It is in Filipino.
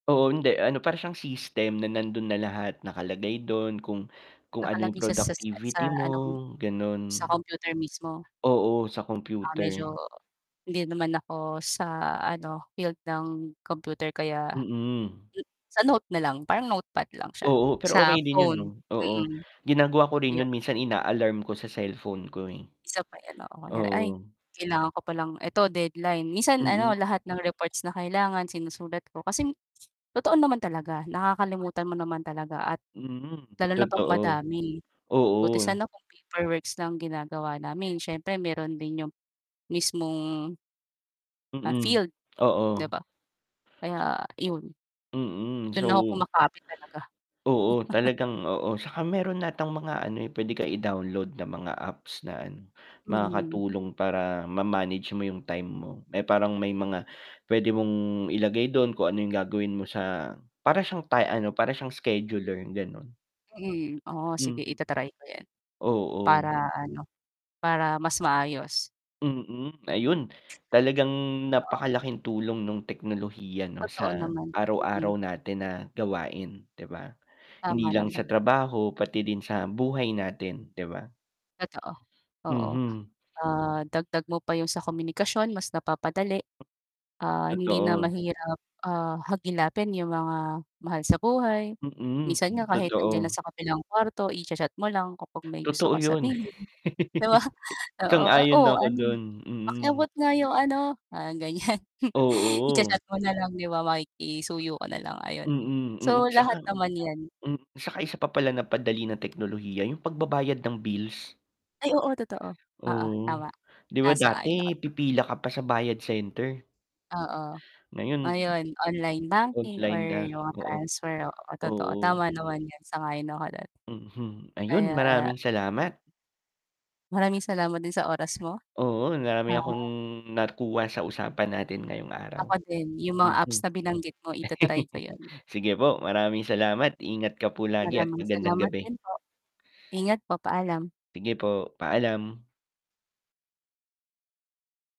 Oo hindi, ano, para siyang system na nandun na lahat. Nakalagay dun kung kung ano yung Nakalagay sa sa sa sa productivity mo ano? ganon. Sa computer mismo? Oo sa Ah, computer. medyo hindi naman ako, sa ano, field ng computer, kaya, Mm. sa note na lang, parang notepad lang siya Oo, pero sa okay din yun 'no? phone, Oo, mm, ginagawa ko rin 'yo yun minsan, ina-alarm ko sa cellphone ko eh, Isa pa yan, oo. Kunyari "Ay, oo. kailangan ko pa lang eto deadline." Minsan Mm. ano, lahat ng reports na kailangan sinusulat ko. Kasi totoo naman talaga, nakakalimutan mo naman talaga at Mm, lalo na pag totoo. madami. Buti Oo. sana kung paperworks lang ginagawa namin. Siyempre meron din 'yong mismong ah Mm, field, 'di oo. ba? Kaya iyon. Mm, Do'n na ako so kumakapit talaga. Oo, talagang oo. 'Tsaka meron atang mga ano eh, pwede ka i-download na mga apps na ano, Mhm. makakatulong para ma-manage mo yung time mo. May parang may mga, pwede mong ilagay dun kung ano yung gagawin mo sa para siyang ti ano, para siyang scheduler, ganon. Mm, oo sige, Mm, ita-try ko yan. oo. Para ano, para mas maayos. Mm, ayun. Talagang Oo. napakalaking tulong nung teknolohiya 'no, Totoo sa naman, araw-araw mm. natin na gawain, 'di ba? Hindi Tama lang nama sa trabaho pati din sa buhay natin, 'di ba? Totoo, oo. Mhm. Ah, dagdag mo pa yung sa komunikasyon, mas napapadali. Ah, hindi na Totoo. mahirap, ah, hagilapin yung mga mahal sa buhay. Minsan nga Mm, kahit nandiyan na totoo. sa kabilang kuwarto, i-cha-chat mo lang kapag may gusto Totoo kang 'yun. sabihin. 'Di ba? oo, oo, Sang-ayon "Oh na ako ano, dun, pakiabot mm. nga yung ano" parang ganyan, Oo. i-cha-chat mo na lang, 'di ba, makikisuyo ka na lang, ayon. Mm, mm. So, 'Tsaka lahat naman yan. m tsaka isa pa pala na padali na teknolohiya 'yung pagbabayad ng bills. Ay oo, totoo, oo Oo, tama, 'di ba dati, sumasang-ayon pipila ka pa sa bayad center? Oo. Ngayon Ayon, online banking or online na, yung oo, transfer oo, totoo. oo. Tama naman yan, sang-ayon ako do'n. Mhm, ayun, Kaya maraming salamat. Maraming salamat din sa oras mo. Oo, marami akong Ah. nakuha sa usapan natin ngayong araw. Ako din, yung mga Mhm. apps na binanggit mo, ita-try ko yun. Sige po, maraming salamat. Ingat ka po lagi at Maraming magandang salamat gabi. din po. Ingat po, paalam! Sige po, paalam!